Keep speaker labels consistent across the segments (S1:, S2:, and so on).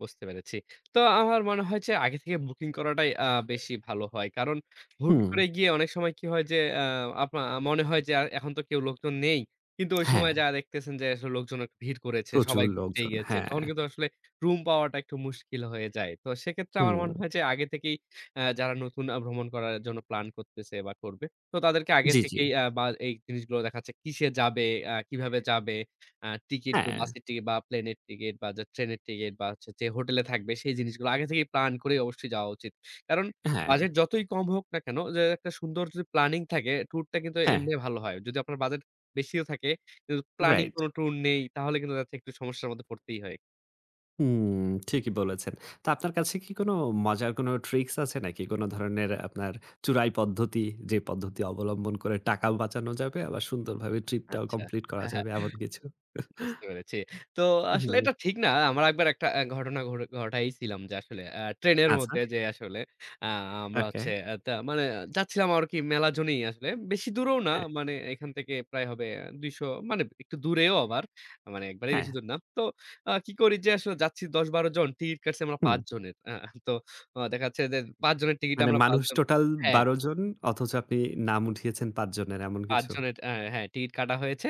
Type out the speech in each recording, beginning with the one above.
S1: বুঝতে পেরেছি। তো, আমার মনে হয় যে, আগে থেকে বুকিং করাটাই আ বেশি ভালো হয়। কারণ, হুট
S2: হুম।
S1: করে গিয়ে অনেক সময় কি হয় যে, আ আপনা মনে হয় যে, আর এখন তো কেউ লোকজন নেই। কিন্তু ওই সময়
S2: হ্যাঁ।
S1: যায়া দেখতেছেন যে, আসলে লোকজন আক ভিড় করেছে,
S2: প্রচুর
S1: সবাই উব য়ে
S2: লোকজন।
S1: গেছে।
S2: হ্যাঁ।
S1: তখন কিন্তু আসলে রুম পাওয়াটা একটু মুশকিল হয়ে যায়। তো, সেক্ষেত্রে আমার মনে
S2: হুম।
S1: হয় যে আগে থেকেই আ যারা নতুন আ ভ্রমণ করার জন্য প্ল্যান করতেছে বা, করবে, তো তাদেরকে আগে
S2: জ্বী, জ্বী।
S1: থেকেই আ বা এই জিনিসগুলো দেখা যাচ্ছে কিসে যাবে, আ কিভাবে যাবে, আ টিকেট, গা
S2: হ্যাঁ।
S1: বাসের টিকেট বা, প্লেনের টিকেট বা, যে ট্রেনের টিকেট বা, যে হচ্ছে যে হোটেলে থাকবে, সেই জিনিসগুলো আগে থেকেই প্ল্যান করে অবশ্যই যাওয়া উচিত। কারণ,
S2: হ্যাঁ।
S1: বাজেট যতই কম হোক না কেন, যে একটা সুন্দর যদি প্ল্যানিং থাকে, ট্যুরটা কিন্তু
S2: হ্যাঁ।
S1: এমনি ভালো হয়। যদি আপনার বাজেট বেশিও থাকে, কিন্তু প্ল্যানিং
S2: Right।
S1: কোন ট্যুর নেই, তাহলে কিন্তু দেখা যাচ্ছে একটু সমস্যার মধ্যে পড়তেই হয়।
S2: হুম। ঠিকই বলেছেন। তো, আপনার কাছে কি কোন মজার কোন ট্রিকস আছে নাকি? কোন ধরনের আপনার চুরাই পদ্ধতি? যে পদ্ধতি অবলম্বন করে টাকাও বাঁচানো যাবে, আবার সুন্দরভাবে ট্রিপটাও
S1: আচ্ছা।
S2: কমপ্লিট করা
S1: হ্যাঁ, হ্যাঁ।
S2: যাবে, এমন কিছু?
S1: বুঝতে পেরেছি। তো,
S2: হু,
S1: আসলে
S2: হুম।
S1: এটা ঠিক না। আমরা ১ বার একটা আ ঘটনা ঘটা ঘটাইছিলাম যে, আসলে ট্রেনের
S2: আচ্ছা।
S1: মধ্যে যে, আসলে আ আমরা
S2: ওকে।
S1: হচ্ছে এ তা মানে যাচ্ছিলাম আরকি মেলা জনই আসলে। বেশি দূরেও না।
S2: হ্যাঁ।
S1: মানে এখান থেকে প্রায় হবে ২০০, মানে এব একটু দূরেও আবার। মানে, একবারেই
S2: হ্যাঁ।
S1: বেশি দূর না। তো আ কি করি যে, আসলে যাচ্ছি ১০ ১২ জন। টিকিট কাটছি আমরা
S2: হুম।
S1: ৫ জনের। আহ? তো, আ দেখা যাচ্ছে যে ৫ জনের টিকিটে
S2: মানে,
S1: আমরা ৫
S2: মানুষ
S1: জন
S2: টোটাল
S1: হ্যাঁ।
S2: ১২ জন, অথচ আপনি নাম উঠিয়েছেন ৫ জনের, এমন
S1: ৫
S2: কিছু?
S1: জনের। এ হ্যাঁ, টিকিট কাটা হয়েছে।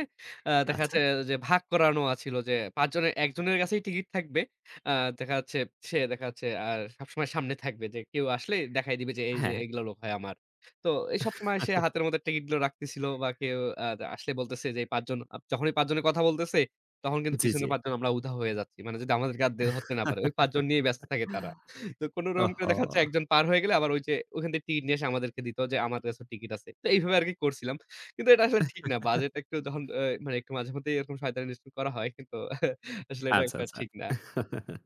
S1: আ দেখা
S2: আচ্ছা।
S1: যাচ্ছে যে, এ ভাগ করানো আছিল যে, আ ৫ জনের, ১ জনের কাছেই টিকিট থাকবে। আ দেখা যাচ্ছে, সে দেখা যাচ্ছে আর সবসময় সামনে থাকবে যে, কেউ আসলেই দেখাই দিবে যে এইযে,
S2: হ্যাঁ।
S1: এগুলো লোক হয় আমার। তো এই সবসময় সে হাতের মধ্যে টিকিটগুলো রাখতেছিল বা, কেউ আদ আসলে বলতেছে যে, এই ৫ জন আব যখনই ৫ জনের কথা বলতেছে, তখন কিন্তু
S2: জ্বী,
S1: পিছনের
S2: জ্বী।
S1: ৫ জন, আমরা উধাও হয়ে যাচ্ছি। মানে যদি আমাদেরকে আর দে ধরতে না পারে। ওই ৫ জন নিয়েই ব্যস্ত থাকে তারা। তো কোন রকম করে
S2: ওহহো!
S1: দেখা যাচ্ছে ১ জন পার হয়ে গেলে, আবার ওইযে ওখান থেকে টিকিট নিয়ে এসে আমাদেরকে দিত যে, আমার কাছে টিকিট আছে। তো এইভাবে আরকি করছিলাম। কিন্তু এটা আসলে ঠিক না। বাজেট একটু যখন অ্যা মানে একটু মাঝেমধ্যেই এরকম শয়তানি স্টু করা হয়। কিন্তু আসলে, এটা
S2: আচ্ছা,
S1: একটা
S2: আচ্ছা।
S1: ঠিক না।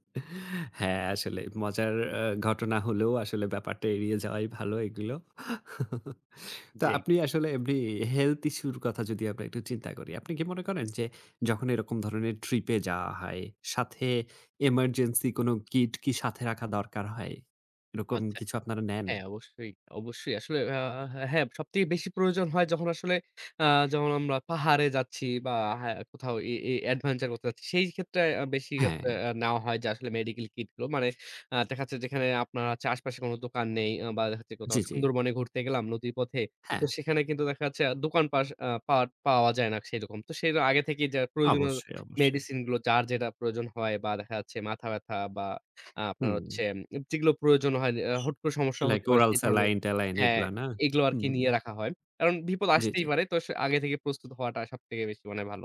S2: হ্যাঁ, আসলেই মজার অ্যা ঘটনা হলেও, আসলে ব্যাপারটা এড়িয়ে যাওয়াই ভালো এগুলো। তো,
S1: জ্বী।
S2: আপনি আসলে এমনি এ health issue র কথা যদি আমরা একটু চিন্তা করি। আপনি কি মনে করেন যে, যখন এরকম ধরনের ট্রিপে যাওয়া হয়, সাথে এমার্জেন্সি কোন কিট কি সাথে রাখা দরকার হয়, এরকম
S1: আচ্ছা।
S2: কিছু আপনারা নেন?
S1: হ্যাঁ, অবশ্যই, অবশ্যই। আসলে আ হা হ্যাঁ। আসলে সব থেকে বেশি প্রয়োজন হয় যখন আসলে, আ যখন আমরা পাহাড়ে যাচ্ছি বা, হ্যাঁ, কোথাও এ এ adventure করতে যাচ্ছি, সেইক্ষেত্রে আ বেশি আপ
S2: হ্যাঁ।
S1: আ নেওয়া হয় যে, আসলে মেডিকেল কিটগুলো। মানে আস দেখা যাচ্ছে, যেখানে আপনার আশপাশে কোন দোকান নেই বা, দেখা যাচ্ছে কোথাও
S2: জ্বী, জ্বী।
S1: সুন্দরবনে ঘুরতে গেলাম, নদীর পথে। তো
S2: হ্যাঁ।
S1: সেখানে কিন্তু দেখা যাচ্ছে আ দোকান পাস আ পাট পাওয়া যায় না, সেরকম। তো, সেটা আগে থেকেই যা প্রয়োজনীয়
S2: অবশ্যই, অবশ্যই।
S1: মেডিসিনগুলো যার যেটা প্রয়োজন হয় বা, দেখা যাচ্ছে মাথাব্যাথা বা, আ আপনার হচ্ছে
S2: হুম।
S1: উম যেগুলো প্রয়োজন হয় যে আ হুট করে, সমস্যা
S2: Like,
S1: হতে পারে,
S2: oral
S1: সেই ধরনের
S2: স্যালাইন ট্যালাইন
S1: হ্যাঁ,
S2: এগুলা, না?
S1: এগুলো আরকি
S2: হুম।
S1: নিয়ে রাখা হয়। কারণ বিপদ
S2: জ্বী,
S1: আসতেই
S2: জ্বী।
S1: পারে। তো, স আগে থেকে প্রস্তুত হওয়াটা সবথেকে বেশি মানে ভালো।